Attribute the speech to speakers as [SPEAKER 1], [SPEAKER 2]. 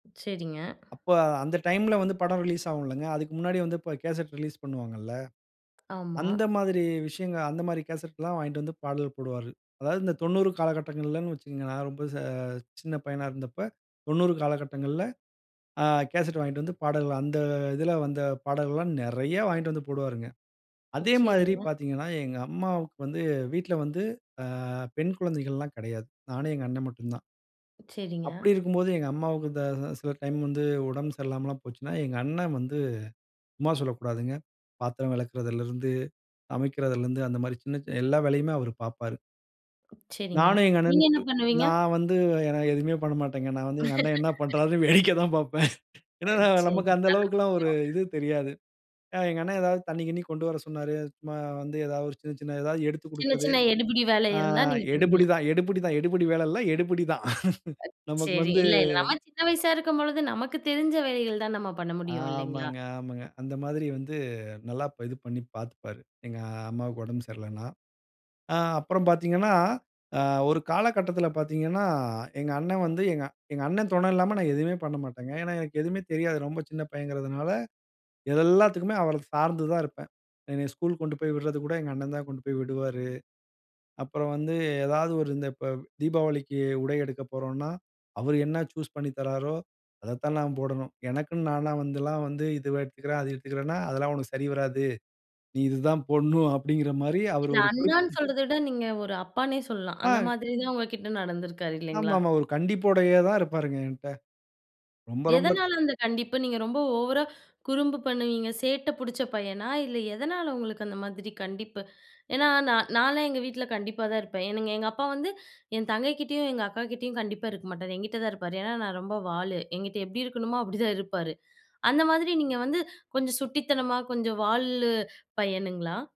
[SPEAKER 1] சரிங்க.
[SPEAKER 2] அப்ப, அந்த டைம்ல வந்து படம் ரிலீஸ் ஆகுல்லங்க. அதுக்கு முன்னாடியே அப்ப வந்து கேசெட் ரிலீஸ் பண்ணுவாங்கள்ள.
[SPEAKER 1] ஆமா.
[SPEAKER 2] அந்த மாதிரி விஷயங்க, அந்த மாதிரி கேசெட்லா வாங்கிட்டு வந்து பாடல் போடுவாரு. அதாவது இந்த 90 காலகட்டங்கள்ளனு வச்சுக்கங்க. நா ரொம்ப ச சின்ன பையனா இருந்தப்ப, 90 காலகட்டங்கள்ள ஆ கேசெட் வாங்கிட்டு வந்து பாடல். அந்த இதில வந்த பாடல்லா நெறையா வாங்கிட்டு வந்து போடுவாருங்க. அதே மாதிரி
[SPEAKER 1] சரிங்க.
[SPEAKER 2] பார்த்தீங்கனா, எங்க அம்மாவுக்கு வந்து வீட்ல வந்து, ஆ பெண் குழந்தைகள்லாம் கெடையாது. நானும், எங்க அண்ணே மட்டுந்தான்.
[SPEAKER 1] சரிங்க.
[SPEAKER 2] அப்டி இருக்கும்போது, எங்க அம்மாவுக்கு இந்த த சில டைம் வந்து உடம்பு சரியில்லாமலாம் போச்சுனா, எங்க அண்ணே வந்து, சும்மா சொல்லக்கூடாதுங்க. பாத்திரம் வெளக்கறதுலருந்து, சமைக்கிறதுலருந்து அந்த மாதிரி சின்ன, சின்ன எல்லா வேலையுமே அவரு பாப்பாரு.
[SPEAKER 1] சரிங்க.
[SPEAKER 2] நானு எங்க
[SPEAKER 1] நீங்க என்ன
[SPEAKER 2] அண்ணனுக்கு,
[SPEAKER 1] பண்ணுவீங்க?
[SPEAKER 2] நான் வந்து என்ன, எதுமே பண்ண மாட்டேங்க. நான் வந்து எங்க அண்ணே என்ன பண்றாருனு வேடிக்க தான் பாப்பேன்.
[SPEAKER 1] அ
[SPEAKER 2] ஏன்னா
[SPEAKER 1] சரி
[SPEAKER 2] நமக்கு அந்த அளவுக்கெல்லாம் ஒரு
[SPEAKER 1] [unintelligible]
[SPEAKER 2] இது தெரியாது. அ எங்க அண்ணே ஏதாவது தண்ணீ, கிண்ணீ கொண்டு வர சொன்னாரு. அது சும்மா வந்து ஏதாவது ஒரு சின்ன சின்ன எதாவது எடுத்துக்
[SPEAKER 1] சின்ன
[SPEAKER 2] குடுக்கிறது.
[SPEAKER 1] சின்ன எடுபிடி வேல
[SPEAKER 2] ஆ
[SPEAKER 1] இருந்தா, நீங்க பண்ணுவீங்களா?
[SPEAKER 2] எடுபுடி தா, எடுபுடி தா, எடுபுடி வேல இல்ல, எடுபிடி தா.
[SPEAKER 1] அ
[SPEAKER 2] நமக்கு
[SPEAKER 1] சரி.
[SPEAKER 2] வந்து
[SPEAKER 1] இல்ல இல்ல. நா சின்ன வயசா இருக்கும்பொழுது, நமக்கு தெரிஞ்ச வேலைகள் தான், நம்ம பண்ண முடியும், இல்லைங்களா?
[SPEAKER 2] ஆமங்க, ஆமங்க. அந்த மாதிரி வந்து, நல்லா ப் இது பண்ணி பாத்துப்பாரு, எங்க அம்மாவுக்கு ஒடம்பு சரியில்லனா. ஆ அப்புறம் பாத்தீங்கனா, ஆ ஒரு காலகட்டத்துல பாத்தீங்கனா, எங்க அண்ணே வந்து, எங்க எங்க அண்ணே துணை இல்லாம, நான் எதுவுமே பண்ணமாட்டேங்க. ஏன்னா எனக்கு எதுவுமே தெரியாது. ரொம்ப சின்ன பையங்கிறதுனால, இதெல்லாத்துக்குமே அவர சார்ந்து தான் இருப்பேன். என்னைய ஸ்கூல் கொண்டு போய் விட்றது கூட, எங்க அண்ணன் தான் கொண்டு போய் விடுவாரு. அப்புறம் வந்து ஏதாவது ஒரு இந்த இப்ப தீபாவளிக்கு உடை எடுக்க போறோன்னா, அவர் என்ன சூஸ் பண்ணி தர்றாரோ, அத தான் நான் போடனும். எனக்குன்னு நானா வந்தெல்லாம், வந்து இதுவே எடுத்துக்கிறேன், அது எடுத்துக்கிறேன்னா, "அதெல்லா உனக்கு சரி வராது. நீ இது தான் போடனும்", அப்டிங்கிற மாரி அவர்
[SPEAKER 1] இல்ல.
[SPEAKER 2] ஒரு குறிப்பு
[SPEAKER 1] அண்ணான்னு
[SPEAKER 2] ம்
[SPEAKER 1] சொல்றத விட, நீங்க ஒரு அப்பான்னே சொல்லலாம், அந்த
[SPEAKER 2] அ.
[SPEAKER 1] மாதிரிதா உங்க கிட்ட நடந்துருக்காரு, இல்லைங்களா?
[SPEAKER 2] ஆமாமா, ஒரு கண்டிப்போடையே தான் இருப்பாருங்க ஏன்ட்ட. ரொம்ப, ரொம்ப
[SPEAKER 1] எதனால அந்த கண்டிப்பு? நீங்க ரொம்ப ஓவரா குறும்பு பண்ணுவீங்க, சேட்ட புடிச்ச பையனா? இல்ல, எதனால உங்களுக்கு அந்த மாதிரி கண்டிப்பு? ஏன்னா நா நானே எங்க வீட்ல கண்டிப்பா தா இருப்பேன். எனக்கு எங்க அப்பா வந்து என் தங்கை கிட்டேயும், எங்க அக்காகிட்டேயும் கண்டிப்பா இருக்க மாட்டாரு. எங்கிட்டதான் இருப்பாரு. ஏனா நா ரொம்ப வாலு. ஏங்கிட்ட எப்டி இருக்கணுமோ, அப்பிடித்தான் இருப்பாரு. அந்த மாரி நீங்க வந்து கொஞ்ச சுட்டித்தனமா, கொஞ்சம் வால்லு பையனுங்களா?